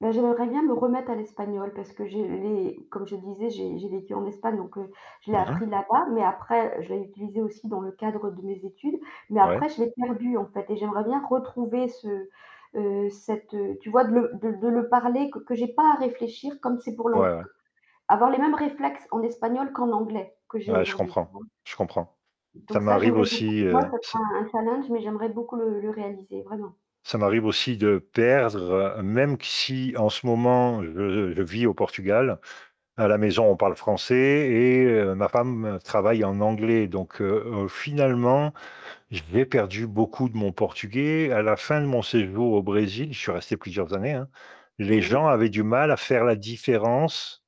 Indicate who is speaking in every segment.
Speaker 1: Bah, j'aimerais bien me remettre à l'espagnol parce que je l'ai comme je disais, j'ai j'ai vécu en Espagne, donc, heu, je l'ai
Speaker 2: Mmh mh.
Speaker 1: appris là-bas, mais après, heu, je l'ai utilisé aussi dans le cadre de mes études, mais
Speaker 2: Ouais.
Speaker 1: après, je l'ai perdu, en fait, et j'aimerais bien retrouver ce, heu, cette, heu, tu vois? De le de l de le parler, q que j'ai pas à réfléchir, comme c'est pour l'ang
Speaker 2: Ouais, ouais.
Speaker 1: q avoir les mêmes réflexes en espagnol qu'en anglais que j'ai
Speaker 2: Ouais, je
Speaker 1: aujourd'hui. Tu
Speaker 2: comprends
Speaker 1: vois?
Speaker 2: je comprends. Ça
Speaker 1: Donc ça,
Speaker 2: m'arrive
Speaker 1: j'aimerais beaucoup,
Speaker 2: aussi heu,
Speaker 1: moi, ça
Speaker 2: ce
Speaker 1: sera un challenge, mais j'aimerais beaucoup le le réaliser, vraiment.
Speaker 2: Ça m'arrive aussi de perdre, heu, même q si en ce moment, je je vis au Portugal, à la maison, on parle français et, heu, ma femme, heu, travaille en anglais, donc heu, heu, finalement, je vais perdu beaucoup de mon portugais. À la fin de mon séjour au Brésil- je suis resté plusieurs années, hein-
Speaker 1: Mmh
Speaker 2: les
Speaker 1: mh.
Speaker 2: gens avaient du mal à faire la différence,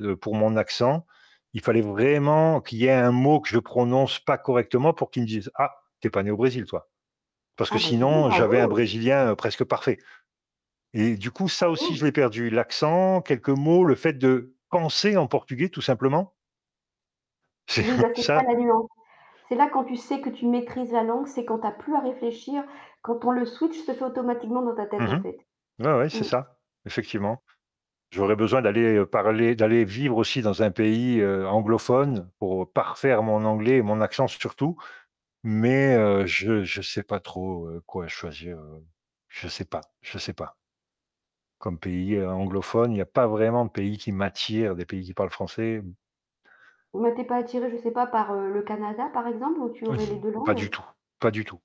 Speaker 2: heu, pour mon accent. Il fallait vraiment qu'il y ait un mot que je prononce pas correctement pour qu'ils me disent: «Ah, tu es pas né au Brésil, toi.» Parce que
Speaker 1: Ah bah dis donc,
Speaker 2: sinon, j'avais un
Speaker 1: bravo!
Speaker 2: brésilien, heu, presque parfait, et du coup, ça aussi,
Speaker 1: Bravo!
Speaker 2: je l'ai perdu: l'accent, quelques mots, le fait de penser en portugais tout simplement. C'est
Speaker 1: Oui, bah c'est ça,
Speaker 2: ça.
Speaker 1: la nuance. C'est là quand tu sais que tu maîtrises la langue, c'est quand tu as plus à réfléchir, quand on le switch se fait automatiquement dans ta
Speaker 2: Mmh
Speaker 1: tête, en
Speaker 2: mh.
Speaker 1: fait.
Speaker 2: Ouais, ouais, c'est
Speaker 1: Mmh.
Speaker 2: ça, effectivement. J'aurais besoin d'aller, heu, parler, d'aller vivre aussi dans un pays, heu, anglophone pour, heu, parfaire mon anglais et mon accent surtout, mais, heu, je je sais pas trop, heu, quoi choisir, heu. Je sais pas, je sais pas. Comme pays, heu, anglophone, il y a pas vraiment de pays qui m'attire, des pays qui parlent français, mmh.
Speaker 1: Mais tu es pas attiré, je sais pas, par, heu, le Canada par exemple, où tu aurais les
Speaker 2: Mmh,
Speaker 1: 2
Speaker 2: pas du
Speaker 1: langues?
Speaker 2: tout pas du tout!